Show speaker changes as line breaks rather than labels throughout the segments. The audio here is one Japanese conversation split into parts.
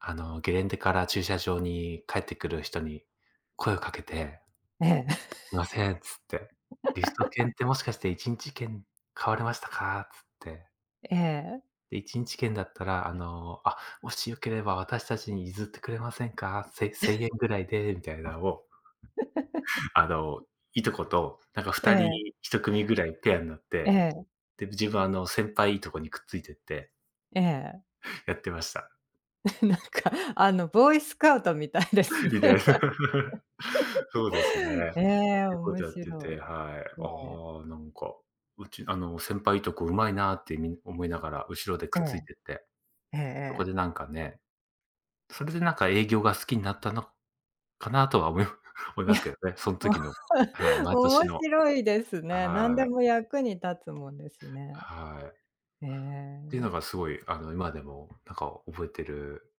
あのゲレンデから駐車場に帰ってくる人に声を掛けて
ええ。
「ません。」つって。「リフト券っ てもしかして1日券買われましたか？」つって。
ええ。
で、1日券だったらあの、「あ、もしよければ私たちに譲ってくれませんか？せせん
え。
えんぐらいで。」みたいなんを、あのいとこと、なんかふ
え
た
え。
り1組ぐらいペアんなっ
え
て、
え。
でぶ自分はあの先輩いとこにくっついてって
ええ。
やってました。
え、なんかあの、ボーイスカウトみたいで
偉大な。
すね。
そうですね。っ
ええ、
ていうこ
面
とやって
白
て、はい。
い。ええ。
ああなんか、うちあの、先輩、いとこ、うまいなってみな思いながら後ろでく
え
っつい
え。
てって。
えええ
そこ
え。
でなんかね。それでなんか営業が好きんなったの、かなとは思い思い
い
ま
や、
すけどね。そん
もう、
時の、はい。毎年
面
の。
白いです
あ、
ね。なん
は
で
い。
も役に立つもんですね。
はい。
へ
って
え。
のがすごいあの今でもなんか覚えてる。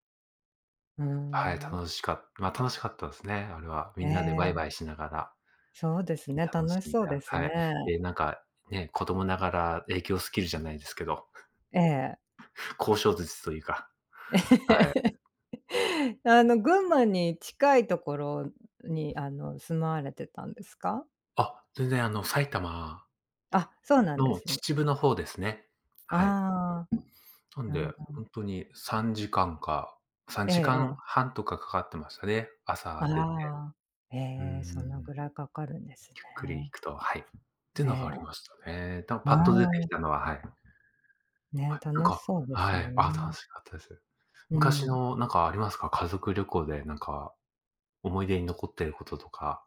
うー
はい、
ん。
楽しかっま、楽しかったですね、あれは。み
え
んなでワイワ
え。
イしながら。
そうです
きた
ね、
んし
楽し
ん
そう
だ、
です
は
ね。
い。でなんか、ね、子供ながら営業スキルじゃないですけど
ええ。
交渉術というか。はえ。
あの群馬に近いところに、あの住まわれてたんですか？
あ、全然あの、埼玉
あ、そうなんで
の、
すね。
秩父の方ですね。はい。
ああ。
なん
うん
で、
う
ほ
ん。
んとに3時間か、さん
ええ
じか
え
ん
え。
半とかかかってましたね、朝出て。
ああ。へ
うんう
え、
ん
その
うん。
ぐらい掛かるんです
ゆっくり行
ね。
くと、はい。って
え
のが
え。
ありましたね。たも
う
パッと出て
ー
き
ん。
たのは、はい。は
ね、
い、なん
楽し
か、
そうです
は
も
い、あ、
ん
楽
ね。
しかったです。
う
昔
ん。
のなんかありますか？家族旅行でなんか、思い出に残ってることとか。